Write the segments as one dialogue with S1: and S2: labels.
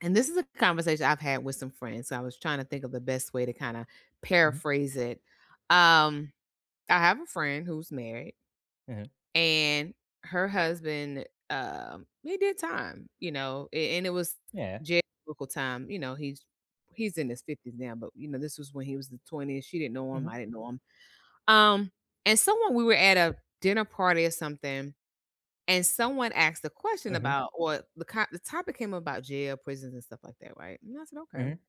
S1: And this is a conversation I've had with some friends, I was tryna think of the best way to kinda
S2: Mhm.
S1: paraphrase it. Um, I have a friend who's married
S2: Uh-huh.
S1: and her husband, um, he did time, you know, a and it was
S2: Yeah.
S1: [unintelligible] time, you know, he's he's in his 50s now, but, you know, this was when he was in 20s - she didn't know him, I
S2: Mhm.
S1: didn't know him- um, and someone we were at a dinner party or something, and someone asked the question
S2: Mhm.
S1: about what the co the topic came about jail, prisons, and stuff like that, right? And I said, "Okay,"
S2: Mhm.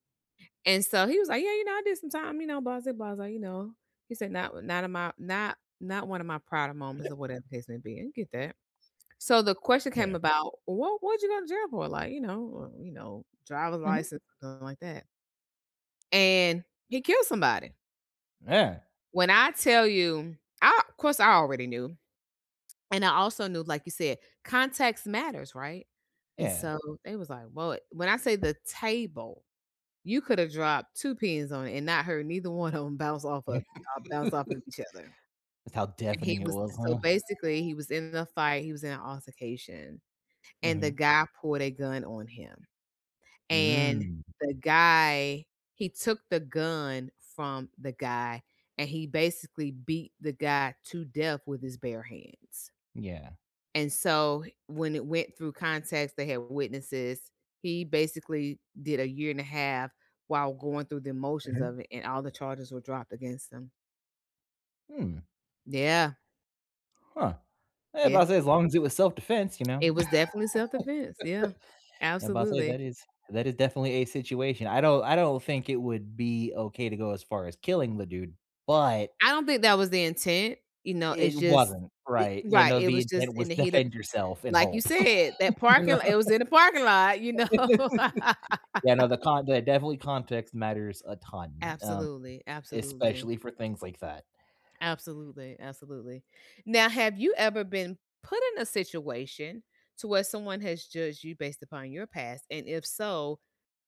S1: and so he was, like, "Yeah, you know, I did some time, you know," blasé, blasé, you know. He said, "Not not of my not not one of my prouder moments or whatever case may be." I get that. So, the question came
S2: Yeah.
S1: about, "What what did you go to jail for?" Like, "You know, uh, you know, driver's
S2: Mhm.
S1: license, something like that?" and he killed somebody.
S2: Yeah!
S1: When I tell you, I 'course I already knew. And I also knew like you said, context matters, right? And
S2: Yeah.
S1: so, they was, like, "Well, it" when I say the table you could have dropped 2 pins on it and not heard, neither one of 'em bounce off of uh, bounce off of each other.
S2: That's how
S1: And he
S2: deafening it
S1: was
S2: was,
S1: so,
S2: huh?
S1: basically he was in the fight he was in an altercation, and the
S2: Mhm.
S1: guy pulled a gun on him, and
S2: Mm.
S1: the guy he took the gun from the guy, and he basically beat the guy to death with his bare hands.
S2: Yeah.
S1: And so, h when it went through context, they had witnesses, he basically did a year and a half while going through the motions
S2: Mhm.
S1: of it and all the charges were dropped against him.
S2: Hmm.
S1: Yeah.
S2: Huh. Yeah, but I
S1: Yeah.
S2: say as long as it was self defense, you know?
S1: It was definitely self-defense. Yeah.
S2: Yeah, but I say
S1: Absolutely.
S2: that is that is definitely a situation, I don't I don't think it would be okay to go as far as killing the dude, but
S1: I don't think that was the intent, you know? It's
S2: It
S1: just,
S2: wasn't,
S1: eh
S2: right. You
S1: right,
S2: know,
S1: it
S2: the
S1: was just
S2: intent
S1: in
S2: was
S1: the heat of
S2: defend yourself and
S1: like you
S2: hope,
S1: said, that
S2: you
S1: parking lo
S2: know?
S1: it was in a parking lot, you know?
S2: Yeah, no, the con the definitely context matters a ton, um,
S1: Absolutely. Absolutely.
S2: especially for things like that.
S1: Absolutely, absolutely. Now, have you ever been put in a situation to where someone has judged you based upon your past and if so,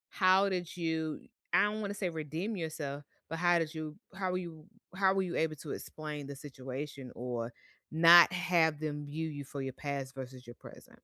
S1: how did you I don't wanna say redeem yourself, but how did you how were you how were you able to explain the situation or not have them view you for your past versus your present?